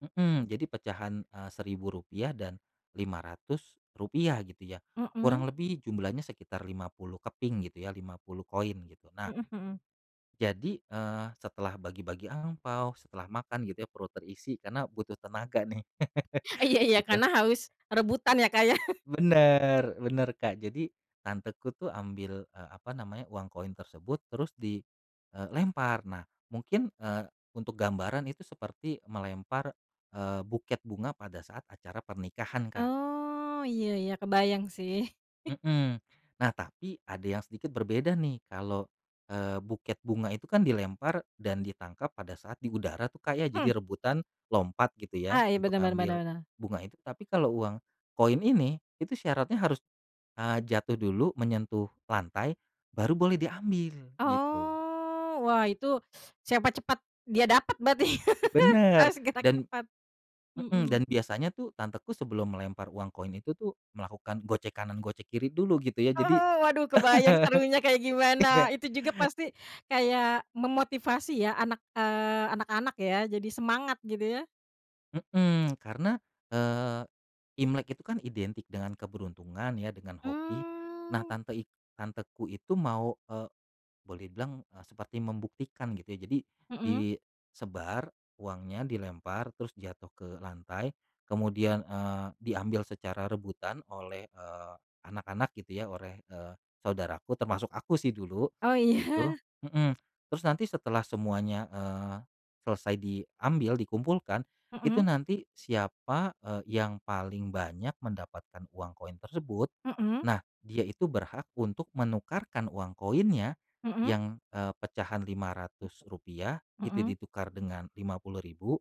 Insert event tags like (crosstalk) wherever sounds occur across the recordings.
Mhm, jadi pecahan, eee, Rp1.000 dan Rp500 gitu ya, kurang Mhm. lebih jumlahnya sekitar 50 keping gitu ya, 50 koin gitu nah Mhm mhm. jadi, eee, setelah bagi-bagi angpao, setelah makan gitu perut terisi karena butuh tenaga nih (chuckles) Iya iya gitu. karena haus rebutan ya Kak ya. (chuckles) Bener, bener Kak jadi tanteku tuh ambi,l eee, apa namanya uang koin tersebut terus di, eee, lempar. Nah mungkin, eee, untuk gambaran itu seperti melempar, eee, buket bunga pada saat acara pernikahan, Kak. Oh iya iya kebayang sih. (chuckles) Mhm, nah tapi ada yang sedikit berbeda nih kalau, eee, buket bunga itu kan dilempar dan ditangkap pada saat di udara tuh Kak ya, Mmm. jadi rebutan lompat gitu ya Ah iya untuk benar benar benar ngambil benar. bunga itu, tapi kalau uang koin ini itu syaratnya harus, eee, jatuh dulu, menyentuh lantai baru boleh diambil gitu. Oh wah itu, (sniffs) siapa cepat dia dapat berarti (chuckles) Benar harus gerak dan cepat, mhm, dan mhm. biasanya tuh tanteku sebelum melempar uang koin itu tuh, melakukan gocek kanan, gocek kiri dulu gitu ya jadi Oh, waduh kebayang serunya kayak (chuckles) iya. gimana, itu juga pasti kayak memotivasi ya, anak, eee, anak-anak ya jadi semangat gitu ya. Mhm, karena, eee, imlek itu kan identik dengan keberuntungan ya dengan hoki, nah Mmm. tante ik tanteku itu mau, eee, boleh bilang seperti membuktikan gitu jadi Mhm. disebar uangnya dilempar terus jatuh ke lantai kemudian, eee, diambil secara rebutan oleh, eee, anak-anak gitu ya oleh, eee, saudaraku termasuk aku sih dulu Oh gitu, iya. mhm, terus nanti setelah semuanya, eee, selesai diambil dikumpulkan itu Mhm. nanti siapa, eee, yang paling banyak mendapatkan uang koin tersebut, Mhm. nah dia itu berhak untuk menukarkan uang koinnya Mhm. yang, eee, pecahan Rp500 itu Mhm. ditukar dengan Rp50.000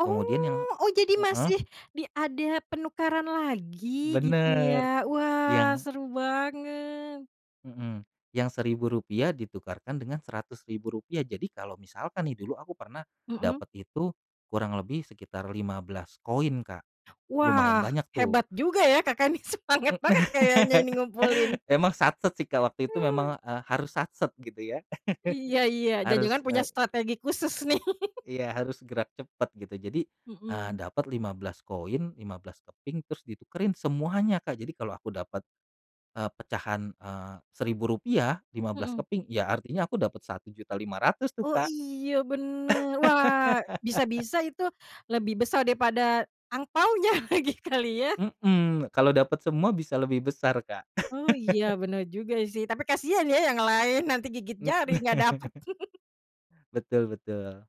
kemudian yang oh jadi heeh. masih di ada penukaran lagi gitu ya? Bener, Wah yang seru banget! Mhm, yang Rp1.000 ditukarkan dengan Rp100.000, jadi kalau misalkan nih, dulu aku pernah Mhm. dapet itu kurang lebih sekitar 15 koin Kak, lumayan Wah banyak tuh. hebat juga ya Kakak nih, semangat banget kayaknya (laughs) ini ngumpulin. Emang satset sih Kak waktu itu memang, eee, harus satset gitu ya, Iya (chuckles) iya, harus, jangan-jangan punya eee strategi khusus nih. (chuckles) Iya, harus gerak cepet gitu jadi, eee, Mhm. dapet 15 koin, 15 keping terus ditukerin semuanya Kak, jadi kalau aku dapat, eee, pecahan, eee, Rp1.000, 15 Mhm. keping ya artinya aku dapat Rp1.500.000 tuh, Oh Kak. iya bener, wah (laughs) bisa-bisa itu lebih besar daripada angpaonya (chuckles) lagi kali ya. Mhm, kalau dapet semua bisa lebih besar, Kak. Oh iya bener juga sih, tapi kasihan ya yang lain, nanti gigit Mmm. jari gak dapet (chuckles) (chuckles) Betul betul.